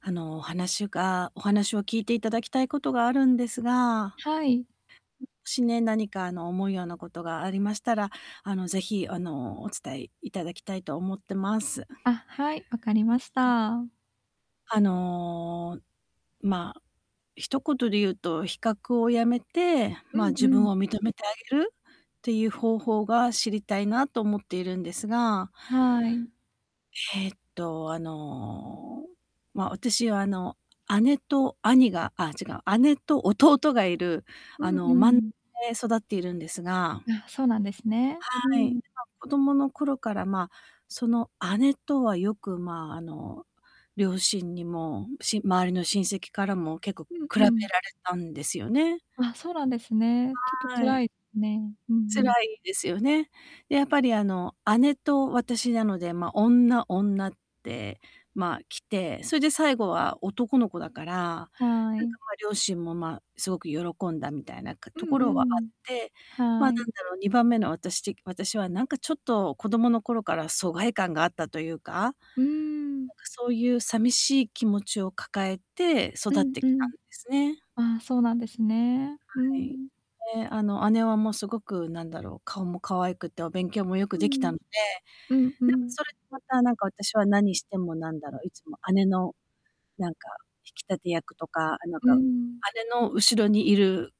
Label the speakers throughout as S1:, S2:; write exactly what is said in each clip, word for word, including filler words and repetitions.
S1: あの、お話がお話を聞いていただきたいことがあるんですが。
S2: はい。
S1: もしね、何かあの、思うようなことがありましたら、あの、是非、あの、お伝え頂きたいと思ってます。
S2: あ、はい、わかり
S1: う
S2: ま
S1: ん。
S2: した。
S1: あの、ま、一言で言うと、比較を止めて、
S2: う
S1: ま、
S2: ん
S1: 自
S2: う
S1: 分
S2: ん。
S1: を認めてあげる、っていう方法が、知りたいなと思っているんですが
S2: はい。
S1: えっと、あの、ま、私はあの姉と兄があ、違う、姉と弟がいる
S2: う
S1: あ
S2: ん
S1: の
S2: う
S1: まんで
S2: ん。
S1: 育っているんですが
S2: あ、そうなんですね。う
S1: はい。
S2: ん。
S1: ま、子供の頃から、ま、その姉とはよく、ま、あの、両親にも、し周りの親戚からも、結構
S2: うん
S1: 比べ
S2: う
S1: られ
S2: ん。
S1: たんですよね。
S2: あ、そうなんですね。ちょっと
S1: はい。
S2: 辛いね。うんう
S1: 辛
S2: ん。
S1: いですよね。で、やっぱりあの、姉と私なので、ま、女女って、ま、来て、それで最後は男の子だから、な
S2: は
S1: ん
S2: い。
S1: か、ま、両親も、ま、すごく喜んだみたいなか
S2: う
S1: とこ
S2: んう
S1: ろはあっ
S2: ん。
S1: て。ま、
S2: は
S1: 何
S2: い。
S1: だろう、にばんめの私て私は何かちょっと子供の頃から、疎外感があったというか、なんか
S2: うーん。
S1: そういう寂しい気持ちを抱えて、
S2: う
S1: 育っ
S2: ん
S1: て
S2: う
S1: きた
S2: ん。
S1: んですね。
S2: あ、そうなんですね。う
S1: はい。
S2: ん。
S1: で、あの、姉はもう凄く何だろう、顔も可愛くて、お勉強も良く
S2: う
S1: できた
S2: ん。
S1: ので。
S2: うんう
S1: なんか
S2: ん。
S1: それで、またなんか私は、何しても何だろう、いつも姉の、なんか引き立て役とか、なん
S2: うー
S1: か
S2: ん。
S1: 姉の後ろにいる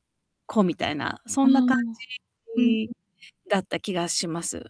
S1: 子みたいな、そ
S2: ああ、
S1: んな感じ
S2: うんう
S1: に
S2: ん。
S1: だった気がします。